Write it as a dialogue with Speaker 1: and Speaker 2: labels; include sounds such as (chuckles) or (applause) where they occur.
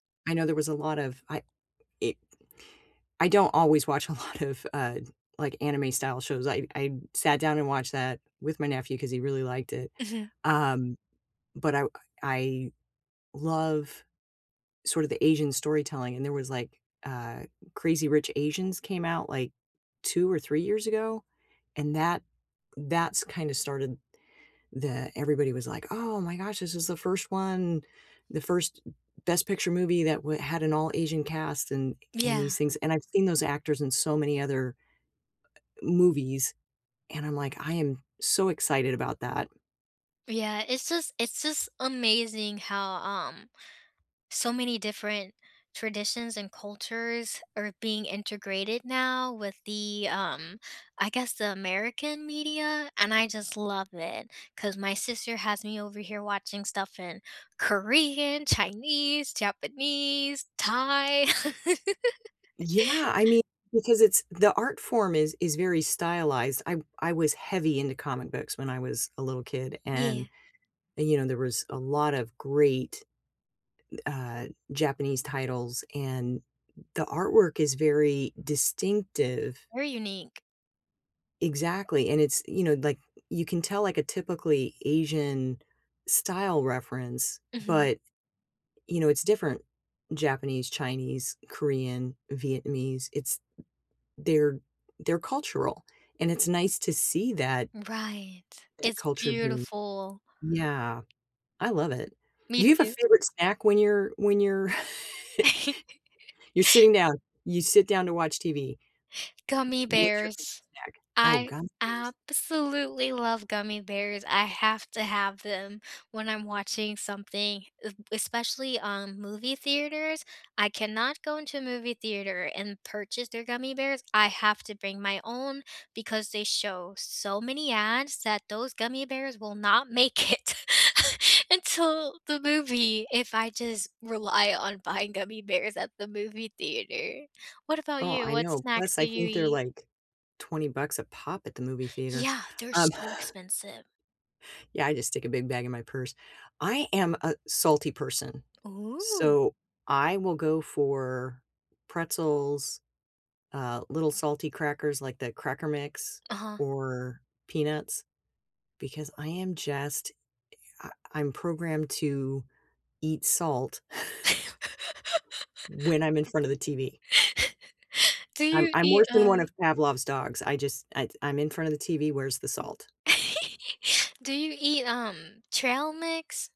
Speaker 1: I know there was a lot of I it I don't always watch a lot of, uh, like, anime style shows, I I sat down and watched that with my nephew, 'cause he really liked it,
Speaker 2: Mhm.
Speaker 1: um, but, I I love, sort of the Asian storytelling, and there was, like, uh, Crazy Rich Asians came out, like, 2 or 3 years ago? And that that's kinda started, the everybody was like, "Oh my gosh, this is the 1st one, the 1st Best Picture movie that w had an all Asian cast," and and these
Speaker 2: Yeah.
Speaker 1: things, and I've seen those actors in so many other movies, and I'm like, "I am so excited about that."
Speaker 2: Yeah, it's just it's just amazing how, um, so many different traditions and cultures are being integrated now with the, um, I guess, the American media, and, I just love it, 'cause my sister has me over here watching stuff in Korean, Chinese, Japanese, Thai. (laughs)
Speaker 1: Yeah, I mean, because it's the art form is is very stylized, I I was heavy into comic books when I was a little kid, and
Speaker 2: Yeah.
Speaker 1: and, you know, there was a lot of great, uh, Japanese titles and the artwork is very distinctive.
Speaker 2: Very unique.
Speaker 1: Exactly, and it's you know, like, you can tell, like, a, typically, Asian style reference,
Speaker 2: Mhm.
Speaker 1: but, you know, it's different Japanese, Chinese, Korean, Vietnamese, it's they're they're cultural, and it's nice to see that
Speaker 2: Right,
Speaker 1: that
Speaker 2: it's
Speaker 1: culture being
Speaker 2: beautiful.
Speaker 1: yeah, I love it.
Speaker 2: Me
Speaker 1: Do you have a
Speaker 2: too.
Speaker 1: favorite snack when you're when you're (chuckles)
Speaker 2: (laughs)
Speaker 1: you're sitting down, you sit down to watch TV,
Speaker 2: Gummy
Speaker 1: w what's your
Speaker 2: bears,
Speaker 1: favorite snack, oh,
Speaker 2: I
Speaker 1: gummy bears.
Speaker 2: absolutely love gummy bears, I have to have them when I'm watching something, e especially, um, movie theaters, I cannot go into a movie theater and purchase their gummy bears, I have to bring my own because they show so many ads that those gummy bears will not make it (chuckles) until the movie, if I just rely on buying gummy bears at the movie theater, what about
Speaker 1: Oh,
Speaker 2: you,
Speaker 1: I
Speaker 2: what
Speaker 1: know,
Speaker 2: snacks
Speaker 1: plus,
Speaker 2: do
Speaker 1: I
Speaker 2: you
Speaker 1: think they're,
Speaker 2: eat?
Speaker 1: like, 20 bucks a pop at the movie theater,
Speaker 2: Yeah, they're
Speaker 1: um
Speaker 2: so expensive.
Speaker 1: Yeah, I just stick a big bag in my purse, I am a salty person,
Speaker 2: Ooh.
Speaker 1: so I will go for pretzels, uh, little salty crackers, like the Cracker Mix,
Speaker 2: Uh-huh.
Speaker 1: or peanuts, because I am just I I'm programmed to eat salt (chuckles)
Speaker 2: (laughs)
Speaker 1: ...when I'm in front of the TV.
Speaker 2: (laughs) Do
Speaker 1: I'm
Speaker 2: you
Speaker 1: I'm
Speaker 2: eat,
Speaker 1: worse than
Speaker 2: uh
Speaker 1: one of Pavlov's dogs, I just it's I'm in front of the TV, where's the salt?
Speaker 2: (laughs) do you eat, um, trail mix?